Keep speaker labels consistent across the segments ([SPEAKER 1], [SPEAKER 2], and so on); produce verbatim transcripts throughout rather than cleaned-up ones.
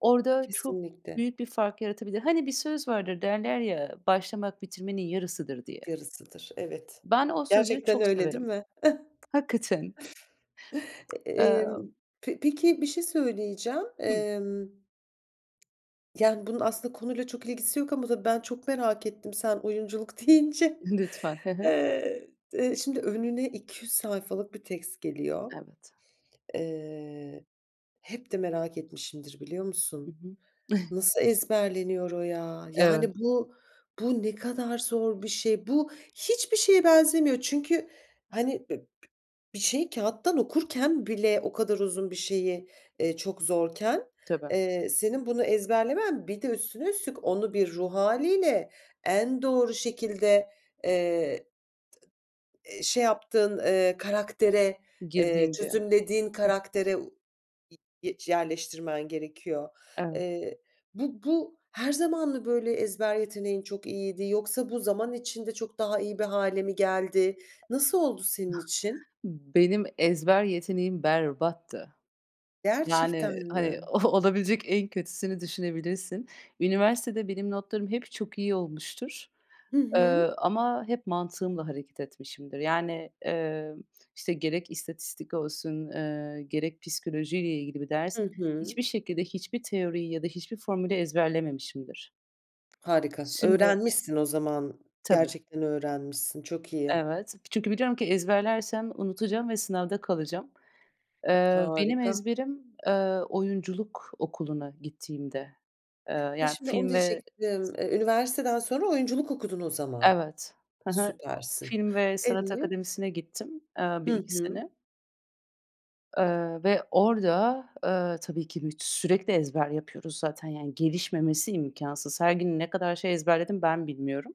[SPEAKER 1] Orada çok
[SPEAKER 2] Kesinlikle.
[SPEAKER 1] büyük bir fark yaratabilir. Hani, bir söz vardır derler ya, "Başlamak bitirmenin yarısıdır." diye.
[SPEAKER 2] Yarısıdır, evet.
[SPEAKER 1] Ben o sözü
[SPEAKER 2] Gerçekten
[SPEAKER 1] çok
[SPEAKER 2] öyle değil
[SPEAKER 1] severim.
[SPEAKER 2] mi?
[SPEAKER 1] Hakikaten.
[SPEAKER 2] E emm,
[SPEAKER 1] Emm
[SPEAKER 2] pe peki, bir şey söyleyeceğim,
[SPEAKER 1] Hımm.
[SPEAKER 2] emm, yani, bunun aslında konuyla çok ilgisi yok ama ben çok merak ettim sen oyunculuk deyince.
[SPEAKER 1] Lütfen. Hı hı.
[SPEAKER 2] Eee, d şimdi önüne iki yüz sayfalık bir text geliyor.
[SPEAKER 1] Evet.
[SPEAKER 2] Eee, hep de merak etmişimdir biliyor
[SPEAKER 1] I
[SPEAKER 2] musun?
[SPEAKER 1] hı.
[SPEAKER 2] Nasıl ezberleniyor o ya?
[SPEAKER 1] Evet.
[SPEAKER 2] Yani, bu bu ne kadar zor bir şey? Bu hiçbir şeye benzemiyor. Çünkü, hani, b b bir şeyi kağıttan okurken bile o kadar uzun bir şeyi, eee, çok zorken,
[SPEAKER 1] Tabii.
[SPEAKER 2] eee, senin bunu ezberlemen bir de üstüne üstlük onu bir ruh hâliyle en doğru şekilde, eee, t eee, şey yaptığın, eee, karaktere, eee,
[SPEAKER 1] Girdiğim bir
[SPEAKER 2] çözümlediğin karaktere u y yerleştirmen gerekiyor.
[SPEAKER 1] Evet.
[SPEAKER 2] Eee, bu bu her zaman mı böyle ezber yeteneğin çok iyiydi yoksa bu zaman içinde çok daha iyi bir hâle mi geldi? Nasıl oldu senin için?
[SPEAKER 1] Benim ezber yeteneğim berbattı. Yani,
[SPEAKER 2] Gerçekten
[SPEAKER 1] hani,
[SPEAKER 2] mi?
[SPEAKER 1] olabilecek en kötüsünü düşünebilirsin. Üniversitede benim notlarım hep çok iyi olmuştur,
[SPEAKER 2] Hı
[SPEAKER 1] eee,
[SPEAKER 2] hı.
[SPEAKER 1] ama hep mantığımla hareket etmişimdir. Yani, eee, işte, gerek istatistik olsun, eee, gerek psikolojiyle ilgili bir ders,
[SPEAKER 2] Hı hı.
[SPEAKER 1] hiçbir şekilde hiçbir teoriyi ya da hiçbir formülü ezberlememişimdir.
[SPEAKER 2] Harika.
[SPEAKER 1] Şimdi
[SPEAKER 2] Öğrenmişsin o zaman.
[SPEAKER 1] Tabii.
[SPEAKER 2] Gerçekten öğrenmişsin. Çok iyi.
[SPEAKER 1] Evet. Çünkü biliyorum ki ezberlersem unutacağım ve sınavda kalacağım. Eee, benim
[SPEAKER 2] Harika.
[SPEAKER 1] ezberim, eee, oyunculuk okuluna gittiğimde, eee,
[SPEAKER 2] Ha,
[SPEAKER 1] yani
[SPEAKER 2] şimdi onu
[SPEAKER 1] film ve
[SPEAKER 2] diyecektim. E, üniversiteden sonra oyunculuk okudun o zaman.
[SPEAKER 1] Evet. Hı hı.
[SPEAKER 2] Süpersin.
[SPEAKER 1] Film ve Sanat
[SPEAKER 2] Evet.
[SPEAKER 1] Akademisi'ne gittim, eee, bir
[SPEAKER 2] Hı
[SPEAKER 1] iki
[SPEAKER 2] hı.
[SPEAKER 1] sene. Eee, ve orada, eee, tabii ki büt sürekli ezber yapıyoruz zaten, yani, gelişmemesi imkansız. Her gün ne kadar şey ezberledim ben bilmiyorum.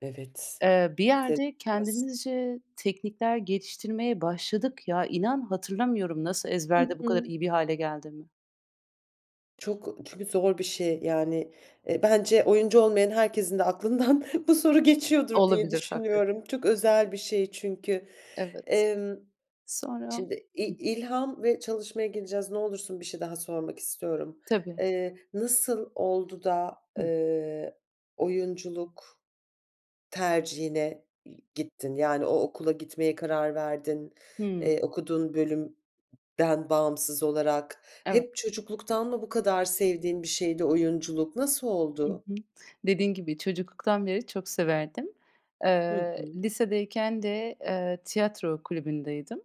[SPEAKER 2] Evet.
[SPEAKER 1] Eee, bir yerde
[SPEAKER 2] [unintelligible]
[SPEAKER 1] kendimizce teknikler geliştirmeye başladık. Ya, inan, hatırlamıyorum nasıl
[SPEAKER 2] Hı
[SPEAKER 1] ezberde bu kadar
[SPEAKER 2] hı.
[SPEAKER 1] iyi bir hâle geldiğimi.
[SPEAKER 2] Çok çünkü zor bir şey, yani, e, bence oyuncu olmayan herkesin de aklından bu soru geçiyordur diye
[SPEAKER 1] Olabilir, hakikaten.
[SPEAKER 2] düşünüyorum. Çok özel bir şey çünkü.
[SPEAKER 1] Evet.
[SPEAKER 2] Emm,
[SPEAKER 1] Sonra
[SPEAKER 2] şimdi i
[SPEAKER 1] Hı.
[SPEAKER 2] ilham ve çalışmaya geleceğiz. Ne olursun bir şey daha sormak istiyorum.
[SPEAKER 1] Tabii.
[SPEAKER 2] Eee, nasıl oldu da,
[SPEAKER 1] Hımm.
[SPEAKER 2] eee, oyunculuk tercihine y gittin, yani, o okula gitmeye karar verdin?
[SPEAKER 1] Hımm.
[SPEAKER 2] Eee, okuduğun bölümden bağımsız olarak? Hep
[SPEAKER 1] Evet.
[SPEAKER 2] çocukluktan mı bu kadar sevdiğin bir şeydi oyunculuk? Nasıl
[SPEAKER 1] Hı
[SPEAKER 2] oldu?
[SPEAKER 1] hı. Dediğin gibi çocukluktan beri çok severdim.
[SPEAKER 2] Hı
[SPEAKER 1] Eee,
[SPEAKER 2] hı.
[SPEAKER 1] lisedeyken de, eee, tiyatro kulübündeydim.